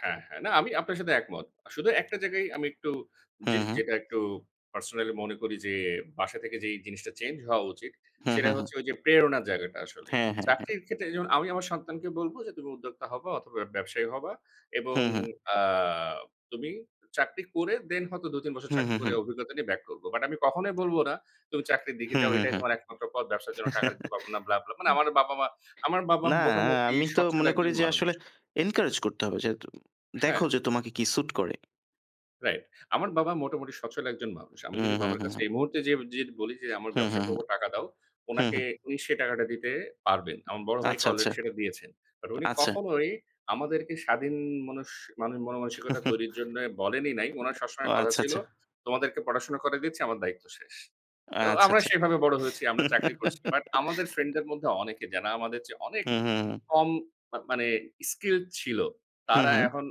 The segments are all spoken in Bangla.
হ্যা, হ্যা, না আমি আপনার সাথে একমত। শুধু একটা জায়গায় আমি একটু হু, যে হু। যেটা একটু personally মনে করি যে বাসা থেকে যেই জিনিসটা চেঞ্জ হওয়া উচিত হু, সেটা হু, হু। হচ্ছে ওই যে প্রেরণার জায়গাটা আসলে। হ্যা, হ্যা, হ্যা। চাকরির ক্ষেত্রে যেমন আমি আমার সন্তানকে বলবো, যে তুমি উদ্যোক্তা হবা অথবা ব্যবসায়ী হবা হু, এবং হু। আ তুমি চাকরি করে দেন হয়তো ২, ৩ বছর হু, চাকরি হু, করে হু। অভিজ্ঞতা নিয়ে বাক করব। বাট আমি কখনোই বলব না তুমি চাকরির দিকে হু, যাও হু, এটাই হু। তোমার একমাত্র পথ ব্যবসার জন্য টাকা দিতে পাবো না ব্লা, ব্লা। মানে আমার বাবা-মা আমার বাবা না, মোটামুটি আমি তো স্বচ্ছল মনে করি একজন যে মানুষ। আসলে encourage করতে হবে যেহেতু দেখো হ্যা। যে তোমাকে কি সুট করে। রাইট, আমার বাবা মোটামুটি সচ্ছল একজন মানুষ। আমি যদি উহু, বাবার কাছে হু। এই মুহূর্তে যেইয়ে ডিরেক্ট বলি যে আমার হু, হু, ব্যবসা হু, করবো টাকা দাও। হু, উনাকে হু। উনি সেই টাকাটা দিতে পারবেন। আমার বড় ভাইকে আচ্ছা, আচ্ছা, আলরেডি সেটা দিয়েছেন। বাট উনি আচ্ছা। কখনোই আমাদেরকে স্বাধীন মানুষ মানে, মনো মানসিকতা তৈরির জন্য বলেনই নাই। উনার ও, সবসময় কথা আচ্ছা, ছিল আচ্ছা। তোমাদেরকে পড়াশোনা করাই দিচ্ছি আমার দায়িত্ব শেষ। তো আচ্ছা, আমরা আচ্ছা। সেভাবে বড় হয়েছি, আমরা চাকরি করছি। বাট আমাদের ফ্রেন্ডদের মধ্যে অনেকে জানা আমাদের চেয়ে অনেক হু, হু, হু। কম মা মানে skilled ছিল। হু, তারা হু। এখন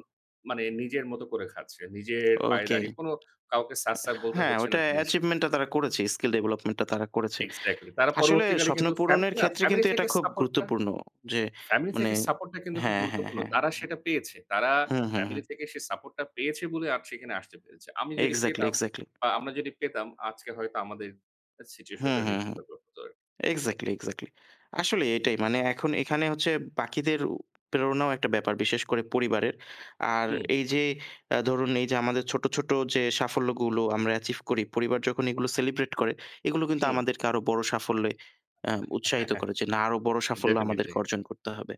মানে নিজের মতো করে খাচ্ছে। নিজের পায়ে ওকে। দাঁড়িয়ে কোন কাউকে স্যার, স্যার, বলতে হ্যাঁ, হচ্ছে ওইটা না দিন শে achievement টা তারা করেছে। skill development টা তারা করেছে। এক্সাক্টলি। তারা আসলে পরবর্তীকালে স্বপ্ন কিন্তু পূরণের ফ্যামিলি না ক্ষেত্রে ফ্যামিলি কিন্তু এটা থেকে খুব সাপোর্টটা গুরুত্বপূর্ণ যে ফ্যামিলি মানে থেকে সাপোর্টটা কিন্তু হ্যা, খুব হ্যা, গুরুত্বপূর্ণ। হ্যা, হ্যা। তারা সেটা পেয়েছে। তারা হু, হু, হু। ফ্যামিলি থেকে সে সাপোর্টটা পেয়েছে বলে আজ সেখানে আসতে পেরেছে। আমি যদি এক্সাক্টলি, পেতাম এক্সাক্টলি। বা আমরা যদি পেতাম আজকে হয়তো আমাদের হু, situation টা হু, হু। different ভাবে হতো আরকি। Exactly, exactly. আসলে এটাই মানে এখন এখানে হচ্ছে বাকিদেরও প্রেরণাও একটা ব্যাপার, বিশেষ করে পরিবারের। আর হুম। এই যে আ ধরুন এই যে আমাদের ছোট, ছোট যে সাফল্যগুলো আমরা achieve করি পরিবার যখন এগুলো সেলিব্রেট করে এগুলো কিন্তু হু। আমাদেরকে আরো বড় সাফল্যে আ উৎসাহিত করে না আরো বড় সাফল্য আমাদেরকে definitely. অর্জন করতে হবে।